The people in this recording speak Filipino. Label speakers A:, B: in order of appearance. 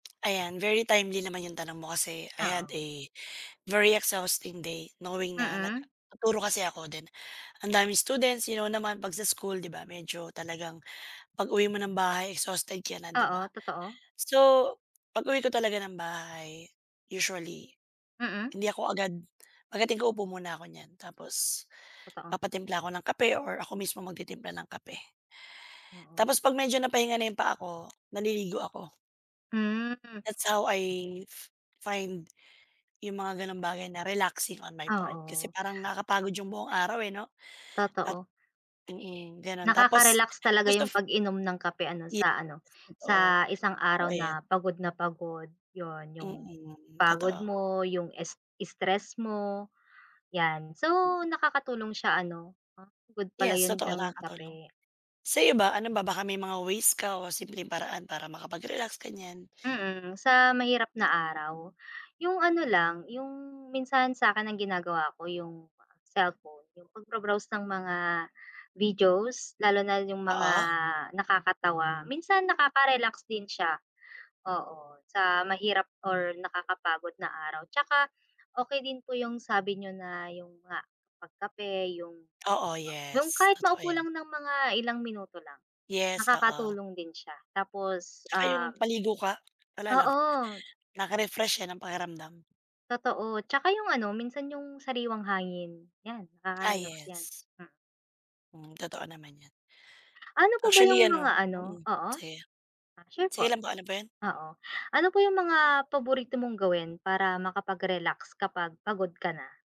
A: Ayan, very timely naman 'yong tanong mo kasi I had
B: Oo.
A: a very exhausting day knowing na
B: Mm.
A: nagtuturo kasi ako then ang daming students you know naman 'pag sa school 'di ba, medyo talagang pag-uwi mo ng bahay exhausted ka na, 'di ba?
B: Oo, totoo.
A: So, pag-uwi ko talaga ng bahay usually,
B: Mm.
A: hindi ako agad pagdating ko upo muna ko niyan tapos,
B: Totoo.
A: papatimpla ako ng kape or ako mismo magtitimpla ng kape.
B: Oo.
A: Tapos pag medyo napahinga na yung paa ko, naliligo ako.
B: Hmm.
A: That's how, I find yung mga ganong bagay na relaxing on my part kasi
B: Oo.
A: parang nakapagod yung buong araw, eh, 'no, at
B: Totoo.
A: mm, gano'n. Tapos
B: Nakakarelax talaga
A: most
B: yung
A: of
B: pag-inom ng kape ano
A: Yes,
B: sa ano,
A: totoo.
B: sa isang
A: Oo,
B: araw
A: ayan.
B: na pagod na pagod, yun yung
A: Mm,
B: pagod
A: totoo.
B: mo, yung s stress mo, 'yan. So,
A: Mm.
B: nakakatulong siya ano, good pala
A: Yes,
B: yun
A: totoo
B: ng
A: nakakatulong.
B: kape.
A: Sa'yo ba ano ba baka may mga ways ka o simpleng paraan para makapag-relax ganyan?
B: Mm, sa mahirap na araw, yung ano lang yung minsan sa'kin ang ginagawa ko yung cellphone, yung pagbro-browse ng mga videos, lalo na yung mga
A: Oo.
B: nakakatawa, minsan nakaka-relax din siya, oo sa mahirap or nakakapagod na araw tsaka, okey din po yung sabi niyo na yun nga pagkape yung
A: Oo
B: yung
A: yes,
B: kahit
A: totoo
B: maupo
A: 'yan.
B: lang ng mga ilang minuto lang.
A: Yes, oo.
B: Nakakatulong din siya tapos,
A: Tsaka yung
B: um
A: paligo ka, wala lang
B: Oo.
A: nakaka-refresh yan ng pakiramdam.
B: Totoo, tsaka yung ano, minsan yung sariwang hangin, 'yan
A: Ah,
B: nakakarelax 'yan.
A: yes.
B: Mm.
A: Mm, totoo naman 'yan.
B: Ano po ba
A: Actually
B: yung mga
A: ano
B: ano
A: mm,
B: oo.
A: sige.
B: Ah, sure po.
A: Sige lang po, ano po yun?
B: Oo, ano po yung mga paborito mong gawin para makapag-relax kapag pagod ka na?